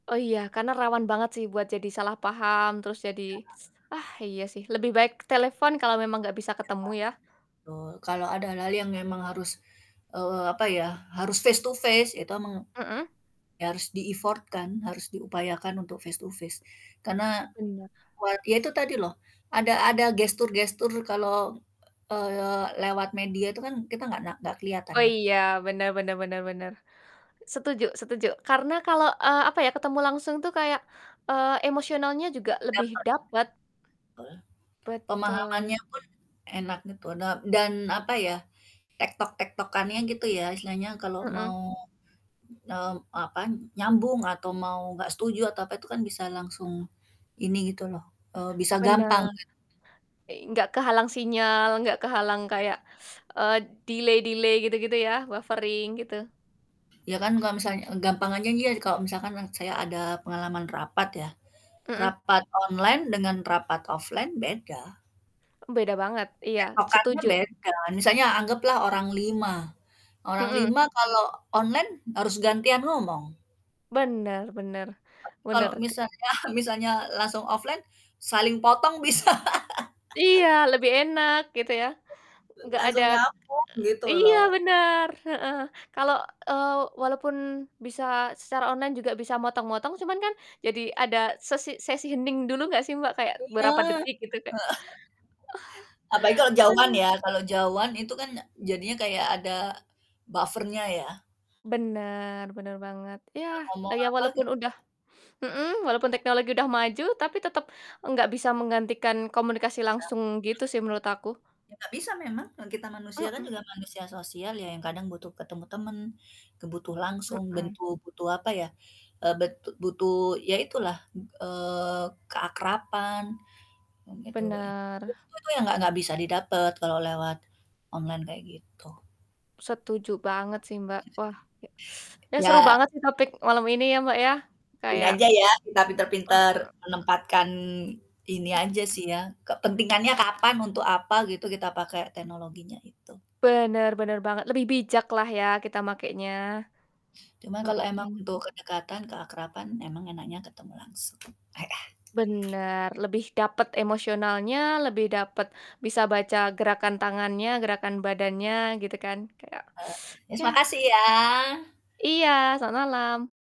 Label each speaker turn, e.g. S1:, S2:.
S1: Oh iya, karena rawan banget sih buat jadi salah paham, terus jadi
S2: Iya.
S1: ah iya sih, lebih baik telepon kalau memang nggak bisa
S2: Iya.
S1: ketemu ya.
S2: Betul, kalau ada hal-hal yang memang harus, eee, apa ya harus face to face, itu memang,
S1: Mhm.
S2: ya harus di-effort-kan, harus diupayakan untuk face to face, karena
S1: Bener.
S2: buat ya itu tadi loh, ada ada gestur-gestur kalau, eee, lewat media itu kan kita nggak na nggak kelihatan
S1: Oh
S2: ya.
S1: iya, bener bener bener bener. Setuju setuju. Karena kalau, eee, apa ya, ketemu langsung tuh kayak, eee, emosionalnya juga lebih
S2: Dapet.
S1: dapet.
S2: Betul.
S1: Betul.
S2: Pemahamannya pun enak gitu da dan apa ya, tektok-tektokkannya gitu ya istilahnya kalau
S1: Mhm.
S2: mau, mmm, apa, nyambung atau mau nggak setuju atau apa itu kan bisa langsung ini gitu loh, eee, bisa gampang
S1: Bener.
S2: gitu.
S1: I enggak kehalang sinyal, enggak kehalang kayak, eee, delay-delay gitu-gitu ya, buffering gitu.
S2: Ya kan kalau misalnya e gampang aja ni ya kalau misalkan orang saya ada, pengalaman rapat ya,
S1: Mhm.
S2: rapat online dengan rapat offline beda.
S1: Beda banget. Iya
S2: Tektokkannya
S1: setuju.
S2: beda. Misalnya anggaplah orang 5, orang
S1: Mhm.
S2: 5 kalau onine harus gantian ngomong.
S1: Bener bener.
S2: Tapi kalau
S1: Bener. [unintelligible]
S2: misalnya misalnya langsung offline saling potong bisa.
S1: Iya, lebih enak gitu ya, nggak ada
S2: Langsung nyambung, gitu
S1: iya
S2: loh.
S1: bener, heeh. Kalau, eee walaupun bisa secara online juga bisa motong-motong cuman kan jadi ada sesi sesi hening dulu nggak sih Mbak, kayak
S2: Iya, heeh.
S1: berapa detik gitu kayak
S2: Apa lagi kalau jauhan
S1: Aduh.
S2: ya, kalau jauhan itu kan e jadinya kayak ada buffer-nya ya.
S1: Bener, bener banget.
S2: Entah
S1: Ya,
S2: ngomong
S1: ya
S2: apa
S1: walaupun
S2: gitu.
S1: udah mhm, walaupun teknologi udah maju, tapi tetep nggak bisa menggantikan komunikasi
S2: Bisa.
S1: langsung gitu sih menurut aku.
S2: Ya enggak bisa memang, orang kita manusia kan
S1: Mhm.
S2: juga manusia sosial ya, yang kadang butuh ketemu temen, kebutuh langsung,
S1: Mhm.
S2: bentu butuh apa ya, eee, betu butuh ya itulah, eee, keakraban, ngomong itu kok ini. Itu
S1: Benar.
S2: tuh tuh tuh yang nggak nggak bisa didapat kalau lewat online kayak gitu.
S1: Setuju banget sih Mbak. Wah, ya ya seru
S2: Ya.
S1: banget nih topik malam ini ya Mbak ya,
S2: Gini
S1: kayak
S2: aja ya, kita
S1: hmm,
S2: pinter-pinter
S1: mmm.
S2: menempatkan, ini aja sih ya, kepentingannya kapan, untuk apa gitu kita pakai teknologinya itu.
S1: Bener bener banget, lebih bijak lah ya kita makenya.
S2: Cuma kalau emang
S1: Mhm.
S2: untuk kedekatan, keakraban, emang enaknya ketemu langsung. Heeh.
S1: Bener, lebih dapet emosionalnya, lebih dapet bisa baca gerakan tangannya, gerakan badannya, gitu kan. Kayak
S2: Eee, yes
S1: Iya.
S2: makasih ya.
S1: Iya, selamat malam.